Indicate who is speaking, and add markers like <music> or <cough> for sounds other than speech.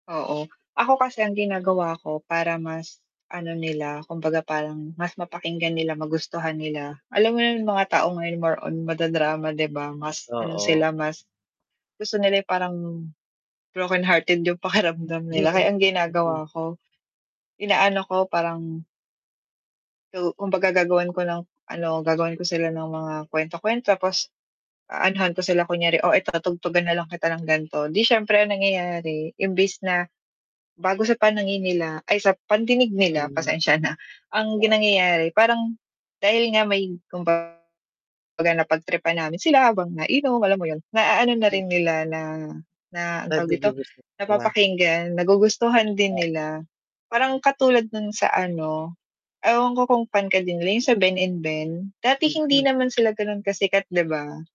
Speaker 1: Oo, ako kasi ang ginagawa ko para mas ano nila, kumbaga parang mas mapakinggan nila magustuhan nila. Alam mo na yung mga tao ngayon more on mada-drama di ba. Mas, ano
Speaker 2: Oo.
Speaker 1: sila mas gusto nila yung parang broken hearted yung pakiramdam <chuckles> nila kaya
Speaker 2: <unintelligible>
Speaker 1: ang
Speaker 2: Mm.
Speaker 1: ginagawa ko, inaano ko parang so, kumbaga gagawan ko ng ano, gagawan ko sila ng mga kwento-kwento, tapos aanuhan ko sila kunyari, "Oh, eto tugtugan na lang kita ng ganto," di siyempre ang nangyayari imbes na, bago sa panangin nila ay sa pandinig nila
Speaker 2: Mhm,
Speaker 1: pasensya na, ang
Speaker 2: oo.
Speaker 1: ginangyayari parang dahil nga may kumbaga napagtripan namin sila habang nainom, alam mo yun. Naaano na
Speaker 2: <unintelligible>
Speaker 1: rin nila na na ang
Speaker 2: Dahil
Speaker 1: tawag dito,
Speaker 2: nagugustuhan nila.
Speaker 1: napapakinggan, nagugustuhan din
Speaker 2: O
Speaker 1: nila parang katulad ng sa ano, ewan ko kung fan ka din nila yung sa Ben and Ben, dati hindi
Speaker 2: Mhm.
Speaker 1: naman sila ganon kasikat di ba?